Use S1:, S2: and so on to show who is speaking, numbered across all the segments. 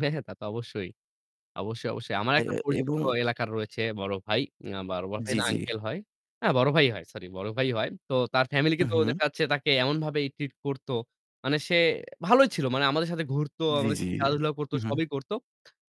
S1: হ্যা, হ্যাঁ। তাতো অবশ্যই। অবশ্যই, অবশ্যই। আমার
S2: এ
S1: একটা পরিচিত
S2: এবং
S1: এলাকার রয়েছে বড় ভাই। আ বড় ভাই
S2: জ্বি,
S1: না
S2: জ্বি।
S1: আঙ্কেল হয়। হ্যাঁ বড় ভাই হয় সরি বড় ভাই হয়। তো তার ফ্যামিলি কে
S2: হু,
S1: তো
S2: হু।
S1: দেখা যাচ্ছে তাকে এমনভাবে ট্রিট করত। মানে সে ভালোই ছিল। মানে আমাদের সাথে ঘুরত
S2: জ্বি,
S1: আমাদের
S2: জ্বি।
S1: সাথে খেলাধুলা করত, সবই করত।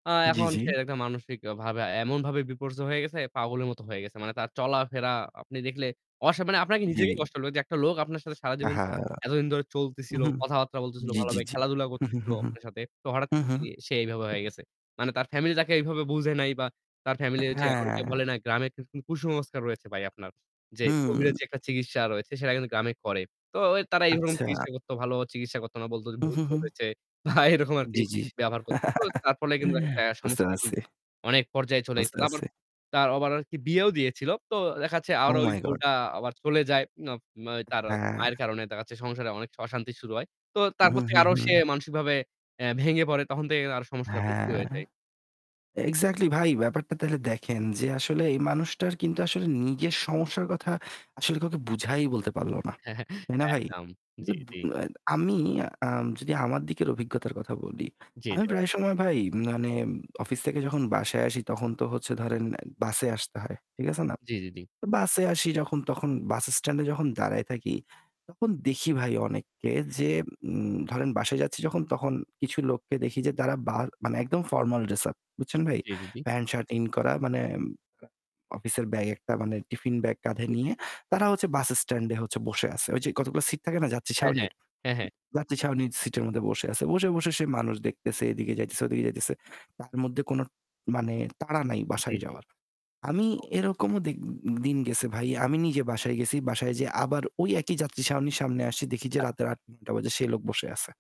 S1: আ
S2: জ্বি,
S1: এখন
S2: জ্বি।
S1: সে একটা মানসিকভাবে এমনভাবে বিপর্যয় হয়ে গেছে পাগলের মতো হয়ে গেছে। মানে তার চলাফেরা আপনি দেখলে অস মানে আপনার
S2: জ্বী।
S1: নিজেকেই কষ্ট হবে যে একটা লোক আপনার সাথে সারাজীবন
S2: আহা!
S1: এতদিন ধরে
S2: হু,
S1: চলতেছিল,
S2: হু।
S1: কথাবার্তা বলতেছিল
S2: জ্বি,
S1: ভালো
S2: জ্বি,
S1: ভাবে
S2: জ্বি।
S1: খেলাধুলা
S2: হু,
S1: করতেছিল
S2: হু, হু।
S1: আপনার সাথে। তো হঠাৎ
S2: হু,
S1: করে
S2: হু।
S1: দেখি সে এভাবে হয়ে গেছে। মানে তার ফ্যামিলি তাকে এভাবে বুঝে নাই বা তার
S2: আ
S1: ফ্যামিলি যে অনেকে
S2: হ্যাঁ।
S1: বলে না গ্রামের কু কুসংস্কার রয়েছে ভাই আপনার। যে
S2: হু।
S1: কোভিডের যে একটা চিকিৎসা রয়েছে সেটা কিন্তু গ্রামে করে। তো ও তারা এই রকম
S2: আচ্ছা।
S1: চিকিৎসা করতো ভালোভাবে চিকিৎসা করত না। বলত
S2: হু,
S1: ভুত
S2: হু, হু।
S1: ধরেছে বা এরকম আরকি
S2: জ্বি, জ্বি।
S1: ব্যবহার করতো। তো তার ফলে কিন্তু দেখা যাচ্ছে আ
S2: বুঝতে
S1: সমস্যা এখন
S2: পারছি।
S1: অনেক পর্যায়ে চলে
S2: বুঝতে
S1: এসেছে। তারপর
S2: পারছি।
S1: তার আবার আর বিয়েও দিয়েছিল। তো দেখা যাচ্ছে
S2: ওহ
S1: আরো ওই
S2: মাই গড!
S1: বউটা আবার চলে যায়। আ আ তার
S2: হ্যাঁ।
S1: মায়ের কারণে দেখা যাচ্ছে সংসারে অনেক অশান্তি শুরু হয়। তো
S2: হু,
S1: তারপর থেকে
S2: হু,
S1: আরো সে
S2: হু।
S1: মানসিকভাবে এ ভেঙে পড়ে। তখন থেকে তার সমস্যাটা বেশি হয়ে
S2: হ্যাঁ।
S1: যায়।
S2: এক্সাক্টলি ভাই ব্যাপারটা তাহলে দেখেন যে আসলে
S1: জি, জি।
S2: এই মানুষটার কিন্তু আসলে নিজের সমস্যার কথা আসলে কাউকে বুঝাই বলতে পারল না। তাই না ভাই?
S1: একদম। জ্বি,
S2: [unintelligible]
S1: জ্বি।
S2: আ আমি আম যদি আমার দিকের অভিজ্ঞতার কথা বলি,
S1: জি।
S2: আমি
S1: [unintelligible]
S2: প্রায় সময় ভাই মানে অফিস থেকে যখন বাসায় আসি তখন তো হচ্ছে ধরেন বাসে আসতে হয়। ঠিক আছে না?
S1: জ্বি, জি, জি।
S2: বাসে আসি যখন তখন বাসস্ট্যান্ডে যখন দাঁড়ায় থাকি, তখন দেখি ভাই অনেককে যে উ ধরেন বাসায় যাচ্ছি যখন তখন কিছু লোককে দেখি যে তারা বার মানে একদম ফরমাল ড্রেস আপ। বুঝছেন ভাই?
S1: জ্বি, জি, জি।
S2: প্যান্ট শার্ট ইন করা মানে আ অফিসের ব্যাগ একটা মানে টিফিন ব্যাগ কাঁধে
S1: জ্বি, জি,
S2: নিয়ে
S1: জি।
S2: তারা হচ্ছে বাসস্ট্যান্ডে হচ্ছে বসে আসে। ওইযে কতগুলো সিট থাকে না যাত্রী
S1: হ্যাঁ, হ্যাঁ।
S2: ছাউনির।
S1: হ্যাঁ, হ্যাঁ।
S2: যাত্রী ছাউনির সিটের মধ্যে বসে আছে। বসে, বসে সে মানুষ দেখতেছে, এদিকে যাইতেছে ওদিকে যাইতেছে। তার মধ্যে কোনো মানে তাড়া নাই
S1: জি,
S2: বাসায়
S1: জি।
S2: যাওয়ার। আমি
S1: ও।
S2: এরকমও দে দিন গেছে ভাই। আমি নিজে বাসায় গেছি। বাসায় যেয়ে আবার ওই একই যাত্রী ছাউনির সামনে আসছি দেখি যে
S1: আচ্ছা।
S2: রাতের
S1: আচ্ছা।
S2: ৮-৯ঃ০০ বাজে সে লোক বসে আছে।